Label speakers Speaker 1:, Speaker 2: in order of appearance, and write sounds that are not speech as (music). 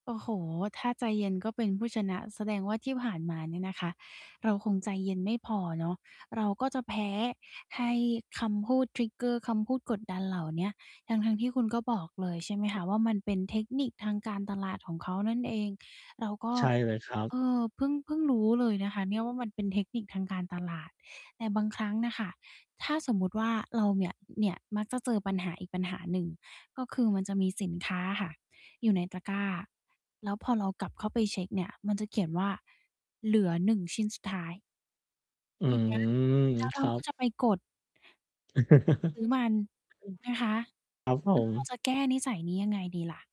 Speaker 1: โอ้โฮ ถ้าใจเย็นก็เป็นผู้ชนะ แสดงว่าที่ผ่านมาเนี่ยนะคะ เราคงใจเย็นไม่พอเนาะ เราก็จะแพ้ให้คำพูด trigger คำพูดกดดันเหล่าเนี้ย ทั้ง ๆ ที่คุณก็บอกเลยใช่ไหมคะ ว่ามันเป็นเทคนิคทางการตลาดของเขานั่นเอง เราก็
Speaker 2: ใช่เลยครั
Speaker 1: เ
Speaker 2: บ
Speaker 1: ออ เพิ่ง เพิ่งรู้เลยนะคะเนี่ยว่า มันเป็นเทคนิคทางการตลาด แต่บางครั้งน่ะค่ะ ถ้าสมมุติว่าเราเนี่ย เนี่ยมักจะเจอปัญหาอีกปัญหาหนึ่ง ก็คือมันจะมีสินค้าอะค่ะอยู่ในตะกร้า แล้วพอเรา กลับเข้าไปเช็กเนี่ยมันจะเขียนว่าเหลือ 1 ชิ้นสุดท้าย
Speaker 2: อื
Speaker 1: อย่างเงี้
Speaker 2: ม
Speaker 1: ย แล้วเ
Speaker 2: ค
Speaker 1: รา
Speaker 2: รั
Speaker 1: ก็
Speaker 2: บ
Speaker 1: จะไปกด
Speaker 2: (laughs) อืม
Speaker 1: ซื้อมัน นะ คะ แ
Speaker 2: ครับผ
Speaker 1: ล้วเรา
Speaker 2: ม
Speaker 1: จะ แก้นิสัยนี้ยังไงดีล่ะ?